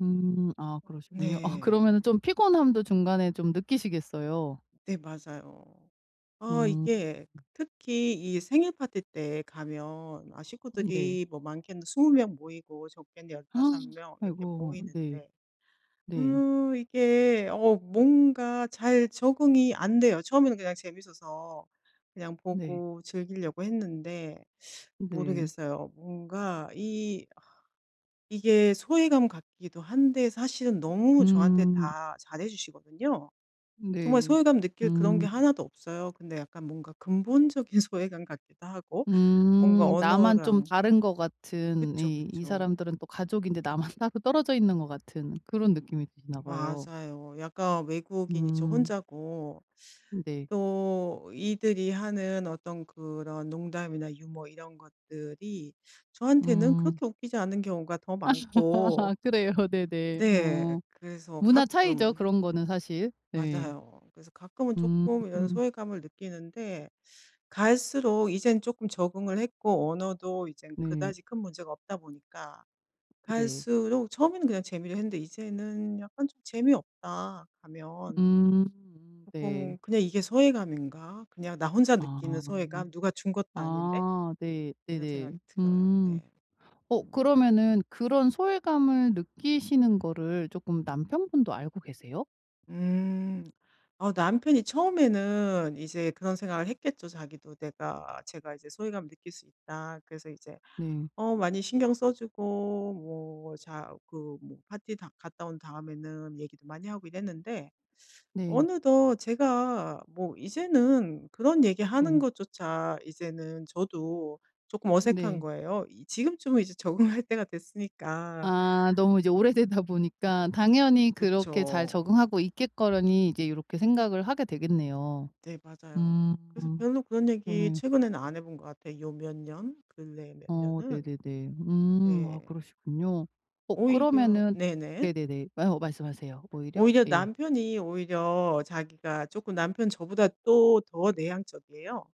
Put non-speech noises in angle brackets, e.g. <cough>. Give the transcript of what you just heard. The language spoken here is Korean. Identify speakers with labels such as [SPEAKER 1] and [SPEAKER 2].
[SPEAKER 1] 음 아 그러시군요. 어 그러면은
[SPEAKER 2] 네.
[SPEAKER 1] 좀 피곤함도 중간에 좀 느끼시겠어요?
[SPEAKER 2] 네 맞아요. 아
[SPEAKER 1] 음.
[SPEAKER 2] 이게 특히 이 생일 파티 때 가면 아
[SPEAKER 1] 네.
[SPEAKER 2] 식구들이 뭐 많게는 20 명 모이고 적게는 15
[SPEAKER 1] <gasps>
[SPEAKER 2] 명 이렇게
[SPEAKER 1] 아이고 네.
[SPEAKER 2] 모이는데
[SPEAKER 1] 네.
[SPEAKER 2] 음 이게 어 뭔가 잘 적응이 안 돼요. 처음에는 그냥 재밌어서 그냥
[SPEAKER 1] 네.
[SPEAKER 2] 보고 즐기려고 했는데
[SPEAKER 1] 네.
[SPEAKER 2] 모르겠어요 뭔가 이 아 이게 소외감 같기도 한데 사실은 너무 저한테
[SPEAKER 1] 음.
[SPEAKER 2] 다 잘해 주시거든요. 정말
[SPEAKER 1] 네.
[SPEAKER 2] 소외감 느낄 그런 게
[SPEAKER 1] 음.
[SPEAKER 2] 하나도 없어요. 근데 약간 뭔가 근본적인 소외감 같기도 하고. 뭔가
[SPEAKER 1] 음. 나만 좀
[SPEAKER 2] 언어랑
[SPEAKER 1] 다른 것 같은
[SPEAKER 2] 그쵸.
[SPEAKER 1] 이, 이
[SPEAKER 2] 그쵸.
[SPEAKER 1] 사람들은 또 가족인데 나만 따로 떨어져 있는 것 같은 그런
[SPEAKER 2] 음
[SPEAKER 1] 느낌이 드나 봐요.
[SPEAKER 2] 맞아요. 약간 외국인이 저
[SPEAKER 1] 음.
[SPEAKER 2] 혼자고
[SPEAKER 1] 음 네.
[SPEAKER 2] 또 이들이 하는 어떤 그런 농담이나 유머 이런 것들이 저한테는
[SPEAKER 1] 음.
[SPEAKER 2] 그렇게 웃기지 않은 경우가 더 많고.
[SPEAKER 1] <laughs> 그래요. 네네.
[SPEAKER 2] 네
[SPEAKER 1] 어
[SPEAKER 2] 그래서
[SPEAKER 1] 문화 차이죠
[SPEAKER 2] 가끔은
[SPEAKER 1] 그런 거는 사실? 네.
[SPEAKER 2] 맞아요. 그래서 가끔은 쪼끔 이런
[SPEAKER 1] 음.
[SPEAKER 2] 소외감을 느끼는데 갈수록 이젠 쪼끔 적응을 했고 언어도 이젠
[SPEAKER 1] 네.
[SPEAKER 2] 그다지 큰 문제가 없다 보니까
[SPEAKER 1] 네.
[SPEAKER 2] 갈수록 처음에는 그냥 재미로 했는데 이제는 약간 좀 '재미없다.'
[SPEAKER 1] 음
[SPEAKER 2] 가면.
[SPEAKER 1] 음 네.
[SPEAKER 2] 쪼끔 그냥 '이게 소외감인가? 그냥 나 혼자
[SPEAKER 1] 아.
[SPEAKER 2] 느끼는 소외감? 누가 준 것도 아닌데.'
[SPEAKER 1] 아 네
[SPEAKER 2] 이런
[SPEAKER 1] 네네.
[SPEAKER 2] 생각이 들어요.
[SPEAKER 1] 음.
[SPEAKER 2] 네.
[SPEAKER 1] 어
[SPEAKER 2] 음.
[SPEAKER 1] 그러면은 그런 소외감을 느끼시는 거를 쪼끔 남편분도 알고 계세요?
[SPEAKER 2] 음. 어 남편이 처음에는 이제 그런 생각을 했겠죠. 자기도 내가 제가 이제 '소외감을 느낄 수 있다.' 그래서 이제
[SPEAKER 1] 네.
[SPEAKER 2] 어 많이 신경 써주고 뭐 자 그 뭐 파티 다 갔다 온 다음에는 얘기도 많이 하고 이랬는데
[SPEAKER 1] 네.
[SPEAKER 2] 어느덧 제가 뭐 이제는 그런 얘기하는
[SPEAKER 1] 네.
[SPEAKER 2] 것조차 이제는 저도 쪼끔 어색한
[SPEAKER 1] 네.
[SPEAKER 2] 거예요. 이 지금쯤은 이제 적응할 때가 됐으니까.
[SPEAKER 1] 아 너무 이제 오래되다
[SPEAKER 2] 어
[SPEAKER 1] 보니까 당연히 그렇게 잘
[SPEAKER 2] 그쵸.
[SPEAKER 1] 적응하고 있겠거니 이제 요렇게 생각을 하게 되겠네요.
[SPEAKER 2] 네 맞아요.
[SPEAKER 1] 음.
[SPEAKER 2] 그래서 별로 그런 얘기
[SPEAKER 1] 그러네
[SPEAKER 2] 최근에는 안 해 본 것 같아 이 몇 년 근래에 몇
[SPEAKER 1] 어
[SPEAKER 2] 년은.
[SPEAKER 1] 네네네. 음 어
[SPEAKER 2] 네.
[SPEAKER 1] 그러시군요. 어
[SPEAKER 2] 오히려
[SPEAKER 1] 그러면은
[SPEAKER 2] 네네.
[SPEAKER 1] 네네네 예 어 말씀하세요. 오히려
[SPEAKER 2] 오히려
[SPEAKER 1] 예.
[SPEAKER 2] 남편이 오히려 자기가 쪼끔 남편 저보다 또 더 내향적이에요.